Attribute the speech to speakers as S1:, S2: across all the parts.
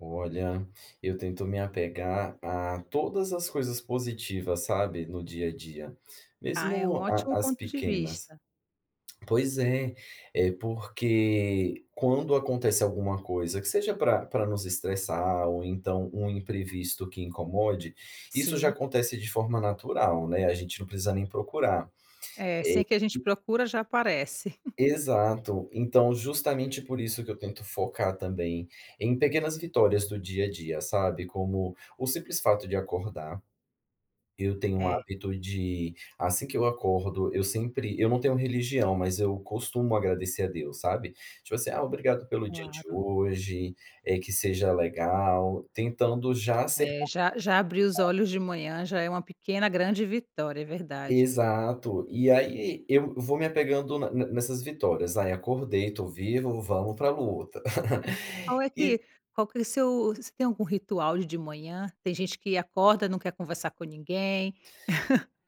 S1: Olha, eu tento me apegar a todas as coisas positivas, sabe, no dia a dia,
S2: Ah, é um
S1: mesmo a
S2: ótimo
S1: a as
S2: ponto de
S1: pequenas.
S2: vista.
S1: Pois é, é porque, quando acontece alguma coisa que seja para para nos estressar ou então um imprevisto que incomode, isso já
S2: Sim.
S1: acontece de forma natural, né, a gente não precisa nem procurar.
S2: É, sem que a gente
S1: Eh, [unintelligible]
S2: procura já aparece.
S1: Exato. Então, justamente por isso que eu tento focar, também, em pequenas vitórias do dia a dia, sabe, como o simples fato de acordar. Eu tenho um
S2: É.
S1: hábito de, assim, que eu acordo eu sempre eu não tenho religião mas eu costumo agradecer a Deus, sabe. Tipo, assim: "Ah, obrigado pelo dia de
S2: Claro.
S1: hoje. Eh, que seja legal". Tentando já ser
S2: É, já já abri
S1: [unintelligible]
S2: os olhos de manhã, já é uma pequena grande vitória, é verdade.
S1: Exato. E, aí, eu vou me apegando ne ne nessas vitórias. "Ai acordei, estou vivo, vamos para luta."
S2: E qual é
S1: E
S2: que qual que é seu você tem algum ritual de de manhã? Tem gente que acorda não quer conversar com ninguém.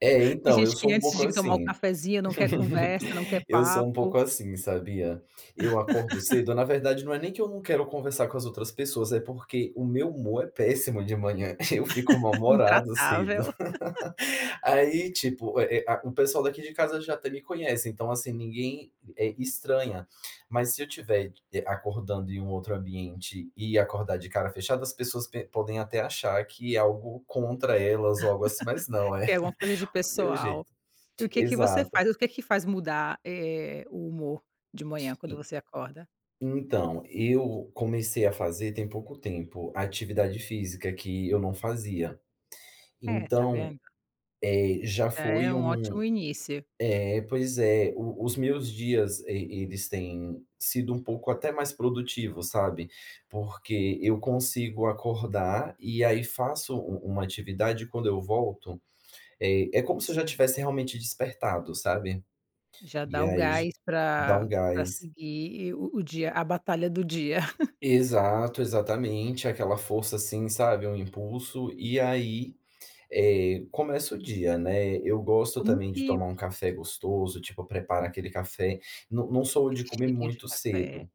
S1: É,
S2: Tem
S1: então, eu
S2: gente que
S1: sou um
S2: antes
S1: pouco
S2: de tomar um
S1: assim.
S2: cafezinho não quer conversa, não quer
S1: Eu sou um
S2: papo.
S1: pouco assim, sabia. Eu acordo cedo, na verdade, não é nem que eu não quero conversar com as outras pessoas, é porque o meu humor é péssimo de manhã, eu fico mal humorado cedo.
S2: Intratável.
S1: Aí ,tipo, eh, a o pessoal daqui de casa já até me conhece então, assim, ninguém, eh, estranha, mas se eu estiver de acordando em um outro ambiente e acordar de cara fechada as pessoas pe podem até achar que é algo contra elas ou algo assim mas, não é,
S2: Que é uma coisa de
S1: o meu
S2: pessoal.
S1: jeito.
S2: E o que que você
S1: Exato.
S2: faz? O que que faz mudar, eh, o humor, de manhã, quando
S1: E
S2: você acorda?
S1: então, eu comecei a fazer, tem pouco tempo, atividade física, que eu não fazia.
S2: É, está
S1: Então,
S2: vendo.
S1: eh, já
S2: Já é
S1: foi
S2: um ótimo
S1: um
S2: início.
S1: Eh, pois é, o os meus dias, e eles têm sido um pouco até mais produtivo, sabe. Porque eu consigo acordar e, aí, faço u u uma atividade e quando eu volto, eh, é como se eu já
S2: Sim.
S1: tivesse realmente despertado, sabe.
S2: Já
S1: E
S2: dá o
S1: aí já
S2: gás
S1: dá
S2: para
S1: um
S2: para
S1: gás.
S2: seguir o o dia a batalha do dia.
S1: Exato, exatamente, aquela força assim, sabe, um impulso, e, aí, eh, começa o dia, né. Eu gosto
S2: Como
S1: também de
S2: que
S1: tomar um café gostoso, tipo, preparo aquele café, não não sou
S2: Aquele
S1: de comer
S2: cheirinho de
S1: muito
S2: café.
S1: cedo.